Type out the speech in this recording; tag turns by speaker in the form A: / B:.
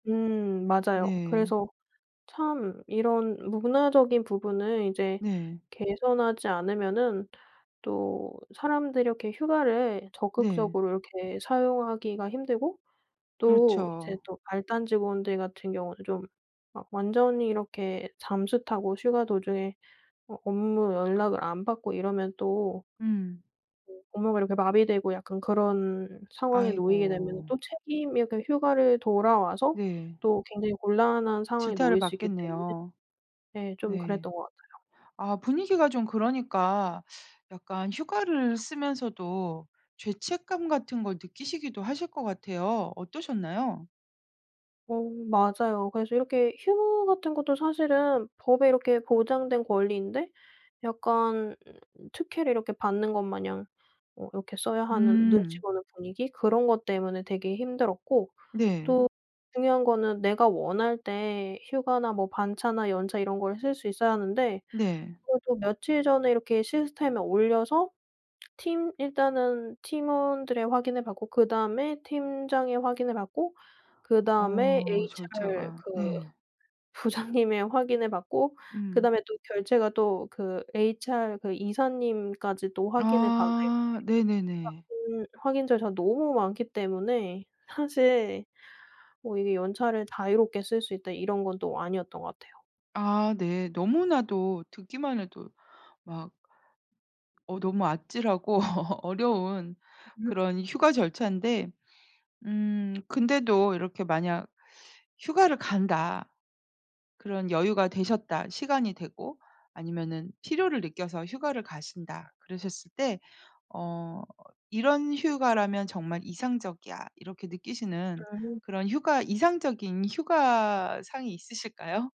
A: 음. 맞아요.
B: 네.
A: 그래서 참 이런 문화적인 부분을 이제
B: 네.
A: 개선하지 않으면은 또 사람들이 이렇게 휴가를
B: 네.
A: 적극적으로 이렇게 사용하기가 힘들고 또 이제
B: 그렇죠.
A: 또 말단 직원들 같은 경우는 좀 막 완전히 이렇게 잠수 타고 휴가 도중에 어 업무 연락을 안 받고 이러면 또
B: 음.
A: [unintelligible] 업무가 이렇게 마비되고 약간 그런 상황에 놓이게 되면은
B: 아이고.
A: 또 책임이 약간 휴가를 돌아와서
B: 네.
A: 또 굉장히 곤란한 상황에
B: 질타를
A: 놓일 수 있기 때문에
B: 받겠네요.
A: 네 좀
B: 네.
A: 그랬던 것 같아요.
B: 아 분위기가 좀 그러니까 약간 휴가를 쓰면서도 죄책감 같은 걸 느끼시기도 하실 것 같아요. 어떠셨나요?
A: 어 맞아요. 그래서 이렇게 휴무 같은 것도 사실은 법에 이렇게 보장된 권리인데 약간 특혜를 이렇게 받는 것 마냥 어 이렇게 써야 하는 눈치
B: 음.
A: 보는 분위기 그런 것 때문에 되게 힘들었고
B: 네.
A: 또 중요한 거는 내가 원할 때 휴가나 뭐 반차나 연차 이런 걸 쓸 수 있어야 하는데
B: 네.
A: 그것도 며칠 전에 이렇게 시스템에 올려서 팀 일단은 팀원들의 확인을 받고 그다음에 팀장이 확인을 하고 그다음에
B: 어.
A: HR
B: 절차가.
A: 그
B: 네.
A: 부장님의 확인을 받고
B: 음.
A: 그다음에 또 결제가 또 그 HR 그 이사님까지도 확인을 받아야 돼요.
B: 아. 네네네.
A: [unintelligible] 확인 절차가 너무 많기 때문에 사실 뭐 이게 연차를 자유롭게 쓸 수 있다 이런 건 또 아니었던 것 같아요.
B: 아 네. 너무나도 듣기만 해도 막 어 너무 아찔하고 어려운 그런 휴가 절차인데 음 근데도 이렇게 만약 휴가를 간다 그런 여유가 되셨다 시간이 되고 아니면은 필요를 느껴서 휴가를 가신다 그러셨을 때 어 '이런 휴가라면 정말 이상적이야.' 이렇게 느끼시는
A: 음.
B: 그런 휴가 이상적인 휴가 상이 있으실까요?